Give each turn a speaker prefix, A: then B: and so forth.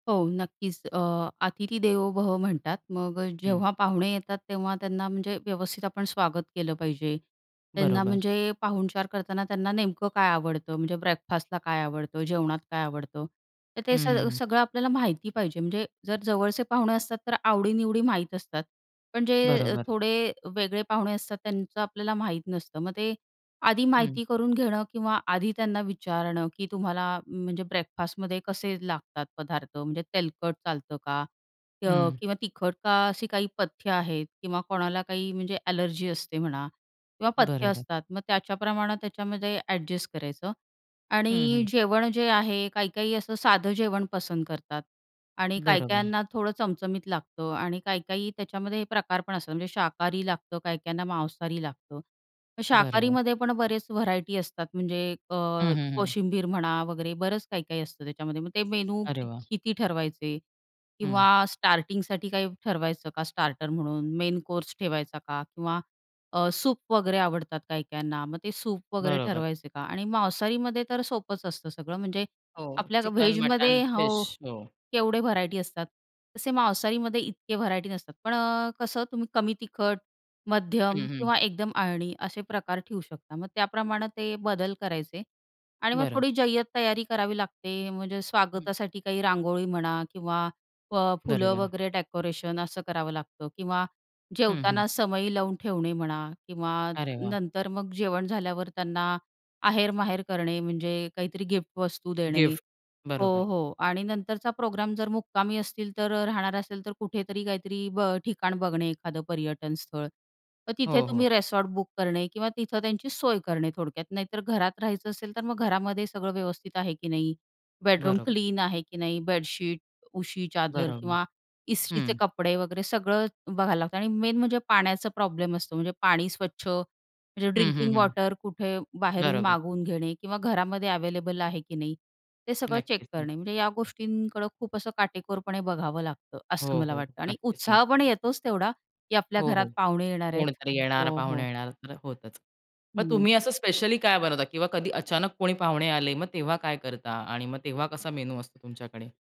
A: हो नक्कीच, अ, "अतिथी देवो भव" म्हणतात. मग अ,
B: हं.
A: जेव्हा पाहुणे येतात तेव्हा त्यांना म्हणजे व्यवस्थित आपण स्वागत केलं पाहिजे. त्यांना
B: बरोबर.
A: म्हणजे पाहुणचार करताना त्यांना नेमकं काय आवडतं म्हणजे ब्रेकफास्टला काय आवडतं, जेवणात काय आवडतं, तर ते
B: हं, हं,
A: सग
B: हं.
A: सगळं आपल्याला माहिती पाहिजे म्हणजे जर जवळचे पाहुणे असतात तर आवडीनिवडी माहीत असतात. पण जे
B: बरोबर.
A: थोडे वेगळे पाहुणे असतात त्यांचं आपल्याला माहीत नसतं. मग ते आधी
B: हं.
A: माहिती करून घेणं किंवा आधी त्यांना विचारणं की तुम्हाला म्हणजे ब्रेकफास्ट मध्ये कसे लागतात पदार्थ. म्हणजे तेलकट चालतं का? अ,
B: हं.
A: किंवा तिखट का? अशी काही पथ्य आहेत किंवा कोणाला काही म्हणजे एलर्जी असते म्हणा किंवा पथ्य
B: बरोबर.
A: असतात मग त्याच्या प्रमाणे त्याच्यामध्ये एडजस्ट करायचं
B: हं,
A: आणि
B: हं.
A: जेवण जे आहे काही काही असं साधं जेवण पसंत करतात आणि काही
B: बरोबर.
A: काहींना थोडं चमचमीत लागतं आणि काही काही त्याच्यामध्ये हे प्रकार पण असतात. म्हणजे शाकाहारी लागतं, काही काहींना मांसाहारी लागतं.
B: बरोबर.
A: शाकाहारीमध्ये पण बरेच व्हरायटी असतात म्हणजे अ,
B: हं, हं, हं.
A: कोशिंबीर म्हणा वगैरे बरेच काही काही असतं त्याच्यामध्ये मग ते मेनू
B: अरे
A: की
B: वाह!
A: किती ठरवायचे
B: हं.
A: किंवा स्टार्टिंगसाठी काही ठरवायचं का स्टार्टर म्हणून मेन कोर्स ठेवायचा का किंवा अ, सूप वगैरे आवडतात काही काहींना मग ते सूप वगैरे
B: बरोबर.
A: ठरवायचं का आणि मांसाहारीमध्ये तर सोपंच असतं सगळं. म्हणजे
B: हो.
A: आपल्या
B: चिकन, मटन,
A: व्हेजमध्ये
B: फिश.
A: हो
B: हो.
A: केवढे व्हरायटी असतात. तसे मांसाहारीमध्ये इतके व्हरायटी नसतात. पण अ, कसं तुम्ही कमी तिखट, मध्यम
B: हं, हं.
A: किंवा एकदम आळणी असे प्रकार ठेऊ शकता. मग त्याप्रमाणे ते बदल करायचे आणि मग
B: बरं.
A: थोडी जय्यत तयारी करावी लागते म्हणजे
B: हं.
A: स्वागतासाठी काही रांगोळी म्हणा किंवा अ, फुलं
B: बरोबर.
A: वगैरे डेकोरेशन असं करावं लागतं किंवा
B: हं, हं.
A: जेवताना समई लावून ठेवणे म्हणा किंवा
B: अरे वाह!
A: नंतर मग जेवण झाल्यावर त्यांना आहेर-माहेर करणे म्हणजे काहीतरी गिफ्ट वस्तू देणे.
B: गिफ्ट.
A: हो,
B: बरोबर.
A: हो आणि नंतरचा प्रोग्राम जर मुक्कामी असतील तर राहणार असेल तर अ, कुठेतरी काहीतरी ब ठिकाण बघणे एखादं पर्यटनस्थळ. तर तिथे
B: हो,
A: तुम्ही
B: हो.
A: रिसॉर्ट बुक करणे किंवा तिथं त्यांची सोय करणे थोडक्यात. नाहीतर घरात राहायचं असेल तर मग घरामध्ये सगळं व्यवस्थित आहे की नाही बेडरूम
B: बरोबर.
A: क्लीन आहे की नाही बेडशीट, उशी, चादर
B: बरोबर.
A: किंवा इस्त्रीचे
B: हं.
A: कपडे वगैरे सगळं बघायला लागतं आणि मेन म्हणजे पाण्याचा प्रॉब्लेम असतो म्हणजे पाणी स्वच्छ म्हणजे
B: हं, हं,
A: ड्रिंकिंग
B: हं.
A: वॉटर कुठे बाहेरून
B: बरोबर.
A: मागवून घेणे किंवा घरामध्ये अवेलेबल आहे की नाही ते सगळं चेक
B: नक्कीच, नक्कीच.
A: करणे. म्हणजे या गोष्टींकडं खूप असं काटेकोरपणे बघावं लागतं. असं
B: हो,
A: मला
B: हो.
A: वाटतं आणि
B: नक्कीच,
A: उत्साह पण
B: नक्कीच.
A: येतोच तेवढा की आपल्या
B: हो,
A: घरात
B: हो.
A: पाहुणे येणार आहेत.
B: कोणतरी येणार,
A: हो हो.
B: पाहुणे येणार तर होतचं. मग
A: हं.
B: तुम्ही असं स्पेशली काय बनवता किंवा कधी अचानक कोणी पाहुणे आले मग तेव्हा काय करता? आणि मग तेव्हा कसा मेनू असतो तुमच्याकडे?